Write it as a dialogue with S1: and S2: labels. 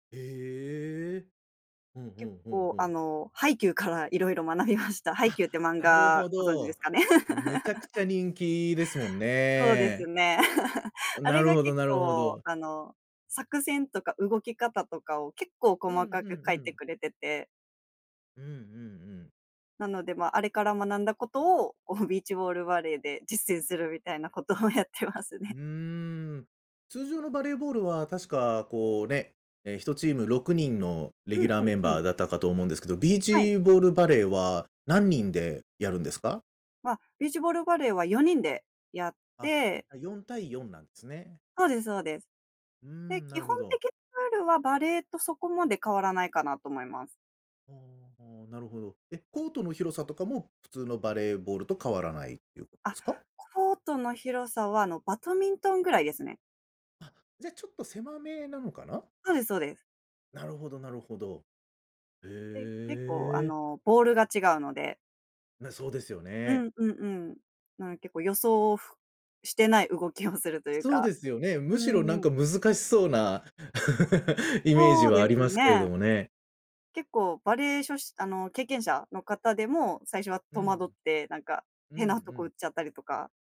S1: ええ。ふんふ
S2: 結
S1: んふん
S2: 構、
S1: ふ
S2: あ
S1: ん。
S2: の、ハイキューからいろいろ学びました。ハイ
S1: あ、
S2: キューって漫
S1: なる
S2: 画
S1: ほ
S2: ご存知で
S1: ど。
S2: すかね。
S1: めちゃくちゃ 人気ですもん
S2: そうです
S1: ね。
S2: ね。あ
S1: な
S2: れ
S1: る
S2: が
S1: ほど
S2: 結
S1: なるほ
S2: 構、
S1: ど。
S2: あの、作戦とか動き方とかを結構
S1: うんうん
S2: 細かく書
S1: う
S2: いて
S1: ん。
S2: くれてて。
S1: うんうんうん。
S2: なので、まあれから学んだことを、こうビーチボールバレーで実践するみたいなことをやってます
S1: う－
S2: ね。
S1: ん、通常のバレーボールは確か、こう、ね、ええ、1チーム6人のレ
S2: う
S1: ギュ
S2: ん、
S1: ラー
S2: うん、
S1: メン
S2: う
S1: バ
S2: ん。
S1: ーだったかと思うんですけど、ビー
S2: はい。
S1: チボールバレーは何人でやるんですか？
S2: まあ、ビーチボールバレーは4人でやっ
S1: あ、
S2: て
S1: あ、4対4なんですね。
S2: そうですそうです。
S1: うー
S2: で、
S1: ん、な
S2: 基
S1: る
S2: 本
S1: ほど。
S2: 的なルールはバレ－とそこまで変わらないかなと思います。
S1: ああああ、なるほど。え、コートの広さとかも、普通のバレーボールと変わらないっていうことで
S2: あ、
S1: すか？
S2: コートの広さは、あの、バドミントン位ですね。
S1: あ、じゃ、ちょっと狭めなのかな。
S2: そうですそうです。
S1: なるほどなるほど。へ
S2: で、結構、あ
S1: え。
S2: の、ボールが違うので。
S1: な、そうですよ
S2: う
S1: ね。
S2: んうんうん。なんか結構、予想をふしてない動きをするという
S1: そう
S2: か。
S1: ですよね。
S2: う
S1: むし
S2: ん
S1: ろな
S2: うん
S1: ん
S2: う
S1: か
S2: ん。
S1: 難しそうな、イメージ
S2: そう
S1: は
S2: で
S1: あり
S2: す
S1: ますけれど
S2: ね。
S1: もね。
S2: 結構バレー、しょしあの、経験者の方でも、最初は
S1: う
S2: 戸
S1: ん。
S2: 惑ってなんか
S1: うん
S2: 変
S1: う
S2: なとこ打
S1: ん。
S2: っちゃったりとか。